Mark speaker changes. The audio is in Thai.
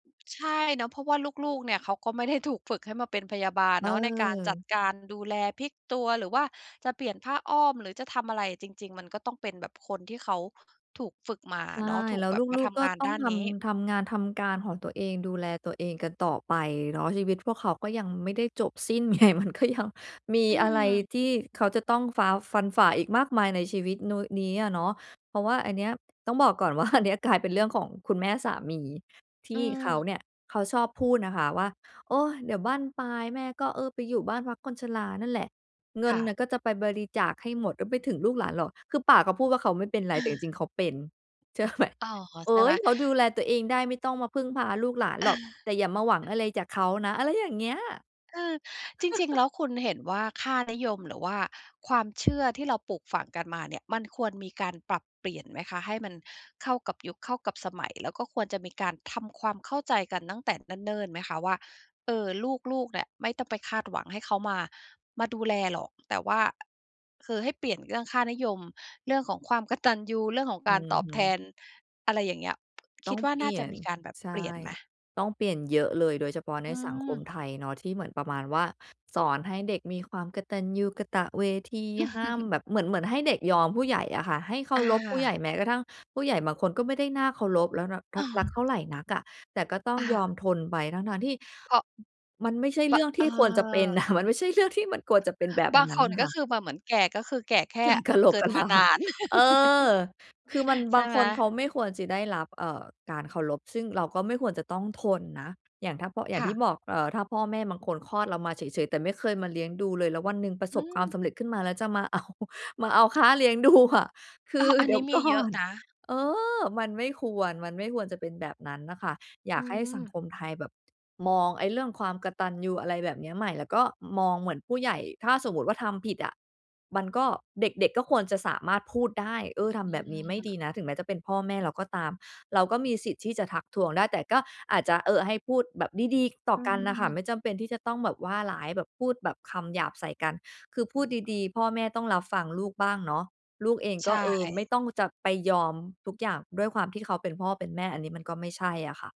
Speaker 1: ใช่เนาะ เพราะว่าลูก ๆ เนี่ย เขาก็ไม่ได้ถูกฝึกให้มาเป็นพยาบาลเนาะ ในการจัด
Speaker 2: เออ
Speaker 1: การดูแล พลิกตัว หรือว่าจะเปลี่ยนผ้าอ้อม หรือจะทำอะไร จริง ๆ มันก็ต้องเป็นแบบคนที่เขาถูกฝึกมา
Speaker 2: ใช
Speaker 1: อะ
Speaker 2: ่
Speaker 1: เนาะ ถู
Speaker 2: แ
Speaker 1: ก
Speaker 2: ล้ว
Speaker 1: แบ
Speaker 2: ล
Speaker 1: บมา
Speaker 2: ู
Speaker 1: ท
Speaker 2: ก ๆ ก็
Speaker 1: ำงาน
Speaker 2: ต้
Speaker 1: ด
Speaker 2: อง
Speaker 1: ้าน
Speaker 2: ท
Speaker 1: นี้
Speaker 2: ำ ทำงานทำการของตัวเอง ดูแลตัวเองกันต่อไปเนาะ ชีวิตพวกเขาก็ยังไม่ได้จบสิ้น ไง มันก็ยัง มี
Speaker 1: อื
Speaker 2: อะไร
Speaker 1: ม
Speaker 2: ที่เขาจะต้องฟ้า ฟันฝ่าอีกมากมายในชีวิตโน้ นี้อะเนาะ เพราะว่าอันเนี้ย ต้องบอกก่อน ว่า อันเนี้ย กลายเป็นเรื่องของคุณแม่สามี ท
Speaker 1: เ
Speaker 2: ี่เขา
Speaker 1: ออ
Speaker 2: เนี่ย เขาชอบพูดนะคะว่า "โอ๊ย เดี๋ยวบั้นปลายแม่ก็ เออ ไปอยู่บ้านพักคนชรานั่นแหละ เงิ
Speaker 1: ค
Speaker 2: น
Speaker 1: ่
Speaker 2: น่
Speaker 1: ะ
Speaker 2: ะก็จะไปบริจาคให้หมดไม่ไปถึงลูกหลานหรอก" คือปากเขาพูดว่า "เขาไม่เป็นไร" แต่จริง ๆ เขาเป็น เชื่อไหม?
Speaker 1: อ้าว ขอ
Speaker 2: เฮ
Speaker 1: ใช่
Speaker 2: ้
Speaker 1: ไหม?
Speaker 2: ย "เขาดูแลตัวเองได้ ไม่ต้องมาพึ่งพาลูกหลานหรอก แต่อย่ามาหวังอะไรจากเขานะ" อะไรอย่างเงี้ย
Speaker 1: เออ จริง ๆ แล้วคุณเห็นว่าค่านิยม หรือว่าความเชื่อ ที่เราปลูกฝังกันมา เนี่ย มันควรมีการปรับเปลี่ยนไหมคะ? ให้มันเข้ากับยุค เข้ากับสมัย แล้วก็ควรจะมีการทำความเข้าใจกันตั้งแต่เนิ่น ๆ ไหมคะว่า เออ ลูก ๆ เนี่ย ไม่ต้องไปคาดหวังให้เขามา มาดูแลหรอก แต่ว่า คือให้เปลี่ยนเรื่องค่านิยม เรื่องของความกตัญญู เรื่องของ
Speaker 2: อื
Speaker 1: การต
Speaker 2: อ
Speaker 1: อบ
Speaker 2: ฮ
Speaker 1: แท
Speaker 2: ึ
Speaker 1: น อะไรอย่างเงี้ย ค
Speaker 2: ต้
Speaker 1: ิ
Speaker 2: อ
Speaker 1: ด
Speaker 2: ง
Speaker 1: ว่า
Speaker 2: เป
Speaker 1: น่
Speaker 2: ล
Speaker 1: า
Speaker 2: ี่
Speaker 1: จ
Speaker 2: ย
Speaker 1: ะ
Speaker 2: น
Speaker 1: มีการแบบ
Speaker 2: ใช่
Speaker 1: เปลี่ยนไหม?
Speaker 2: ต้องเปลี่ยนเยอะเลย โดยเฉพาะ
Speaker 1: อ
Speaker 2: ใน
Speaker 1: ื
Speaker 2: สังคม
Speaker 1: ม
Speaker 2: ไทยเนาะ ที่เหมือนประมาณว่า สอนให้เด็กมีความกตัญญูกตเวที ห้ามแบบ เหมือน เหมือนให้เด็กยอมผู้ใหญ่อะค่ะ ให้เคา
Speaker 1: อ
Speaker 2: รพผู้ใหญ
Speaker 1: า
Speaker 2: ่ แม้กระทั่งผู้ใหญ่บางคนก็ไม่ได้น่าเคารพ แล้วระ
Speaker 1: เ
Speaker 2: ท
Speaker 1: อ
Speaker 2: ัก รักเท่า
Speaker 1: อ
Speaker 2: ไรนักอะ แต่ก็ต้อง
Speaker 1: อ
Speaker 2: ย
Speaker 1: า
Speaker 2: อมทนไปทั้ง ๆ ที่
Speaker 1: เพราะ
Speaker 2: อ มันไม่ใช่เรื
Speaker 1: บ
Speaker 2: ่องท
Speaker 1: เ
Speaker 2: ี่ควรจะเป็น อ
Speaker 1: ออ
Speaker 2: ะ มันไม่ใช่เรื่องที่มันควรจะเป็นแบบ
Speaker 1: บาง
Speaker 2: นั้
Speaker 1: ค
Speaker 2: น
Speaker 1: น ก
Speaker 2: ค
Speaker 1: ็
Speaker 2: ่ะ
Speaker 1: คือแบบเหมือนแก่ ก็คือแก่แค
Speaker 2: แก
Speaker 1: ่
Speaker 2: ่กะโหล
Speaker 1: เ
Speaker 2: ก
Speaker 1: กิ
Speaker 2: ก
Speaker 1: ด
Speaker 2: ะ
Speaker 1: ม
Speaker 2: ล
Speaker 1: า
Speaker 2: า
Speaker 1: นาน
Speaker 2: เออ คือมัน
Speaker 1: ใ
Speaker 2: บ
Speaker 1: ช
Speaker 2: า
Speaker 1: ่
Speaker 2: ง
Speaker 1: ไ
Speaker 2: ค
Speaker 1: หม?
Speaker 2: นเขาไม่ควรจิได้รับ เอ่อ การเคารพ ซึ่งเราก็ไม่ควรจะต้องทนนะ อย่างถ้าเพาะ อย่
Speaker 1: ค
Speaker 2: าง
Speaker 1: ่
Speaker 2: ที
Speaker 1: ะ
Speaker 2: ่บอก เอ่อ ถ้าพ่อแม่บางคนคลอดเรามาเฉย ๆ แต่ไม่เคยมาเลี้ยงดูเลย แล้ววันหนึ่งประ
Speaker 1: อ
Speaker 2: ส
Speaker 1: ื
Speaker 2: บความ
Speaker 1: ม
Speaker 2: สำเร็จขึ้นมา แล้วจะมา เอา มาเอาค่า เลี้ยงดูอะ คื
Speaker 1: อ้อ
Speaker 2: อ
Speaker 1: อั
Speaker 2: เ
Speaker 1: น
Speaker 2: ดี๋
Speaker 1: นี
Speaker 2: ยว
Speaker 1: ้ม
Speaker 2: ก
Speaker 1: ี
Speaker 2: ่
Speaker 1: เย
Speaker 2: อ
Speaker 1: อะ
Speaker 2: น
Speaker 1: นะ
Speaker 2: เออ มันไม่ควร มันไม่ควรจะเป็นแบบนั้นน่ะค่ะ อย
Speaker 1: อ
Speaker 2: า
Speaker 1: ื
Speaker 2: กให้สัง
Speaker 1: ม
Speaker 2: คมไทยแบบ มองไอ้เรื่องความกตัญญู อะไรแบบเนี้ยใหม่ แล้วก็มองเหมือนผู้ใหญ่ ถ้าสมมุติว่าทำผิดอะ มันก็ เด็ก ๆ ก็ควรจะสามารถพูดได้ "เออ ท
Speaker 1: อื
Speaker 2: ำแบบนี้ไม่ด
Speaker 1: ม
Speaker 2: ีนะ" ถึงแม้จะเป็นพ่อแม่เราก็ตาม เราก็มีสิทธิ์ที่จะทักท้วงได้ แต่ก็อาจจะ เออ ให้พูดแบบดี ๆ ต่อ
Speaker 1: อื
Speaker 2: กันน่ะค่ะ
Speaker 1: ม
Speaker 2: ไม่จำเป็นที่จะต้องแบบว่าร้าย แบบพูดแบบคำหยาบใส่กัน คือพูดดี ๆ พ่อแม่ต้องรับฟังลูกบ้างเนาะ ลูกเอง
Speaker 1: ใ
Speaker 2: ก
Speaker 1: ช
Speaker 2: ็ เออ ไม
Speaker 1: ่
Speaker 2: ่ต้องจะไปยอมทุกอย่าง ด้วยความที่เขาเป็นพ่อเป็นแม่ อันนี้มันก็ไม่ใช่อะค่ะ